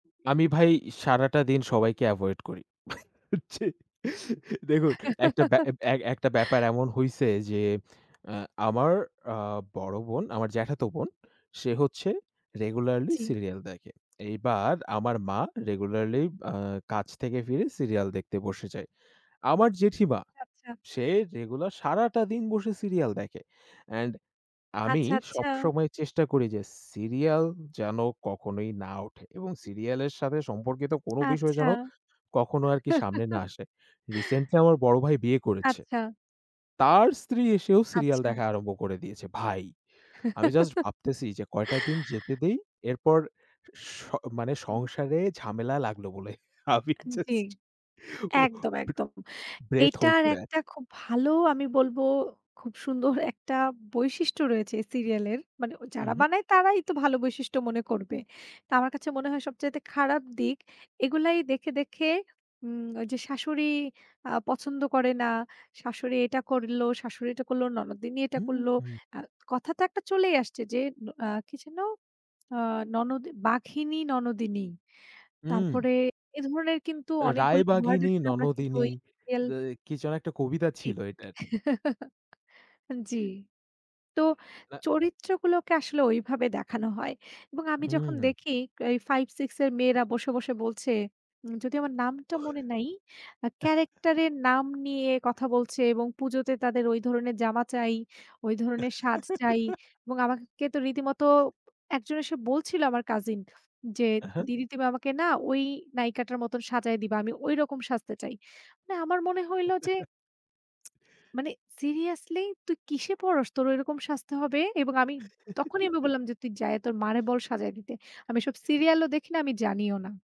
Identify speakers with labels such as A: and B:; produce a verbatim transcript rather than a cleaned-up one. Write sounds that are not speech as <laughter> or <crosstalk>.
A: আমি ভাই সারাটা দিন সবাইকে avoid করি। জ্বি। দেখুন একটা ব্যা
B: <chuckles>
A: একটা ব্যাপার এমন হইছে যে অ্যা আমার আ বড় বোন, আমার জ্যাঠাতো বোন, সে হচ্ছে regularly
B: জ্বি।
A: serial দেখে। এইবার আমার মা regularly আ কাছ থেকে ফিরে serial দেখতে বসে যায়। আমার জেঠিমা,
B: আচ্ছা।
A: সে রেগুলার সারাটা দিন বসে serial দেখে। And আমি
B: আচ্ছা, আচ্ছা।
A: সবসময় চেষ্টা করি যে Serial যেন কখনোই না ওঠে এবং serial এর সাথে সম্পর্কিত কোন বিষয়
B: আচ্ছা।
A: যেন কখনো আরকি সামনে না
B: <chuckles>
A: আসে। Recently আমার বড় ভাই বিয়ে করেছে।
B: আচ্ছা।
A: তার স্ত্রী এসেও serial
B: আচ্ছা।
A: দেখা আরম্ভ করে দিয়েছে। ভাই, আমি just ভাবতেছি যে কয়টা দিন যেতে
B: <chuckles>
A: দেই। এরপর স মানে
B: হুম, হুম।
A: সংসারে ঝামেলা লাগলো বলে। আমি
B: জ্বী।
A: just
B: একদম, একদম।
A: breathe hold
B: এটার
A: করে আছি।
B: একটা খুব ভালো আমি বলবো খুব সুন্দর একটা বৈশিষ্ট্য রয়েছে এই serial এর। মানে
A: হুম,
B: যারা
A: হুম।
B: বানায় তারাই তো ভালো বৈশিষ্ট্য মনে করবে। তো আমার কাছে মনে হয় সবচাইতে খারাপ দিক। এগুলাই দেখে, দেখে উম ওইযে শাশুড়ি আ পছন্দ করে না। শাশুড়ি এটা করলো, শাশুড়ি এটা করলো, ননদিনী এটা
A: হুম,
B: করল
A: হুম।
B: আ কথা তো একটা চলেই আসছে আ যে কি যেন নন বাঘিনী ননদিনী।
A: হুম।
B: তারপরে এ ধরণের কিন্তু অনেকগুলো
A: রায়বাগিনী,
B: আমরা কিন্তু
A: ননদিনী
B: ওই এল
A: অ্যা কি যেন একটা কবিতা
B: ঠিক।
A: ছিল এটার।
B: <chuckles> জি। তো
A: না।
B: চরিত্রগুলোকে আসলে ওইভাবে দেখানো হয় এবং আমি যখন
A: হুম।
B: দেখি এই five six এর মেয়েরা বসে, বসে বলছে যদি আমার নামটা মনে নাই, character এর নাম নিয়ে কথা বলছে এবং পুজোতে তাদের ঐ ধরনের জামা চাই, ওই ধরনের সাজ চাই এবং আমাকে তো রীতিমতো একজন এসে বলছিল আমার cousin, যে
A: অ্যা হ্যাঁ।
B: দিদি তুমি আমাকে না ওই নায়িকাটার মতো সাজাই দিবা, আমি ঐরকম সাজতে চাই। না মানে আমার মনে হইল যে মানে seriously তুই কিসে পড়স? তোর ওরকম সাজতে হবে এবং আমি তখনই আমি বললাম যে, "তুই যায়ে তোর মারে বল সাজায় দিতে। আমি এসব serial ও দেখি না আমি জানিও না।"